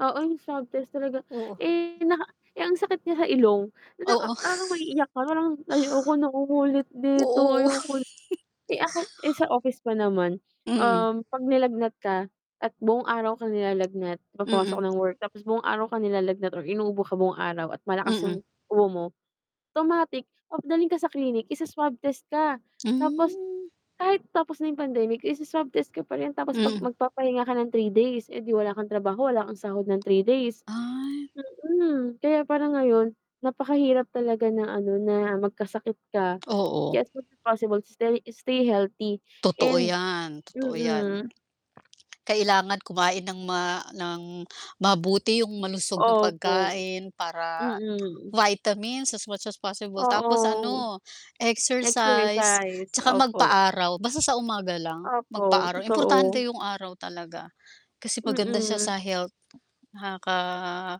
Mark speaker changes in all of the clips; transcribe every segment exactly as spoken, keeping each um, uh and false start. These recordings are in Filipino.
Speaker 1: Oo, yung swab test talaga,
Speaker 2: Oo.
Speaker 1: eh, naka eh, ang sakit niya sa ilong. Na naka
Speaker 2: Oo.
Speaker 1: parang maiiyak ka, parang, "Ayoko nang umulit dito,
Speaker 2: Oo.
Speaker 1: ayoko." Eh, ako eh, sa office pa naman,
Speaker 2: Mm.
Speaker 1: um, 'pag nilagnat ka at buong araw kang nilalagnat, 'pag pumasok
Speaker 2: Mm.
Speaker 1: ng work tapos buong araw ka nilalagnat or inuubo ka buong araw at malakas
Speaker 2: Mm.
Speaker 1: yung ubo mo, automatic papadalhin ka sa clinic, isa-swab test ka. Tapos
Speaker 2: Hmm.
Speaker 1: kahit tapos na 'yong pandemic isa-swab test ka pa rin, tapos 'pag
Speaker 2: Mm.
Speaker 1: magpapahinga ka ng three days, eh, 'di wala kang trabaho, wala kang sahod ng three days
Speaker 2: Ay.
Speaker 1: mm. Kaya parang ngayon, napakahirap talaga na ano, na magkasakit ka.
Speaker 2: Oo.
Speaker 1: Kaya as much as posibble, stay stay healthy
Speaker 2: Totoo
Speaker 1: and
Speaker 2: 'yan. Totoo 'yan.
Speaker 1: mm.
Speaker 2: Kailangan kumain ng ma ng mabuti, yung malusog na
Speaker 1: Opo.
Speaker 2: pagkain para,
Speaker 1: Mm.
Speaker 2: vitamins as much as possible tapos
Speaker 1: Oo.
Speaker 2: ano, exercise
Speaker 1: Exercise,
Speaker 2: 'tsaka
Speaker 1: opo.
Speaker 2: magpa-araw basta sa umaga lang.
Speaker 1: Opo,
Speaker 2: Magpa-araw, importante
Speaker 1: totoo.
Speaker 2: yung araw talaga kasi maganda siya
Speaker 1: Mm.
Speaker 2: sa health. Nakaka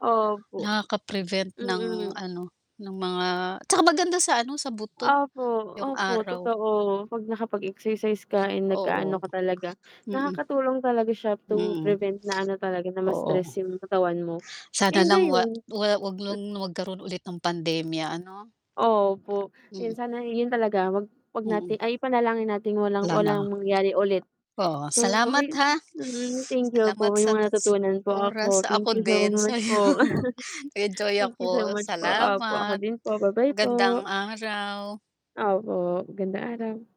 Speaker 1: Opo.
Speaker 2: nakaka-prevent ng
Speaker 1: Mm.
Speaker 2: ano, ng mga tsaka maganda sa ano, sa buto
Speaker 1: Opo.
Speaker 2: yung
Speaker 1: Opo,
Speaker 2: araw.
Speaker 1: totoo. 'Pag nakapag-exercise ka, eh,
Speaker 2: Oo.
Speaker 1: nag-aano ka talaga.
Speaker 2: Mm.
Speaker 1: Nakakatulong talaga siya to
Speaker 2: Mm.
Speaker 1: prevent na ano talaga, na
Speaker 2: Oo.
Speaker 1: ma-stress yung katawan mo.
Speaker 2: Sana
Speaker 1: And
Speaker 2: lang wa
Speaker 1: ayun
Speaker 2: wa wag lang magkaroon ulit ng pandemya ano?
Speaker 1: Opo,
Speaker 2: Mm.
Speaker 1: yun sana i yun talaga. Wag wag natin
Speaker 2: Mm.
Speaker 1: ay ipanalangin nating walang
Speaker 2: Wala na.
Speaker 1: walang mangyari ulit.
Speaker 2: Oo,
Speaker 1: So,
Speaker 2: salamat
Speaker 1: ayun
Speaker 2: ha.
Speaker 1: mm, thank you po,
Speaker 2: Salamat
Speaker 1: may
Speaker 2: sa ta
Speaker 1: mga
Speaker 2: s
Speaker 1: natutunan po ako,
Speaker 2: oras, ako
Speaker 1: thank you so
Speaker 2: din,
Speaker 1: much
Speaker 2: sa'yo.
Speaker 1: po.
Speaker 2: Nag-enjoy
Speaker 1: Thank you so
Speaker 2: ako.
Speaker 1: much po. Opo, ako
Speaker 2: Salamat.
Speaker 1: din po, ba-bye
Speaker 2: Magandang
Speaker 1: po.
Speaker 2: araw.
Speaker 1: Opo, magandang araw.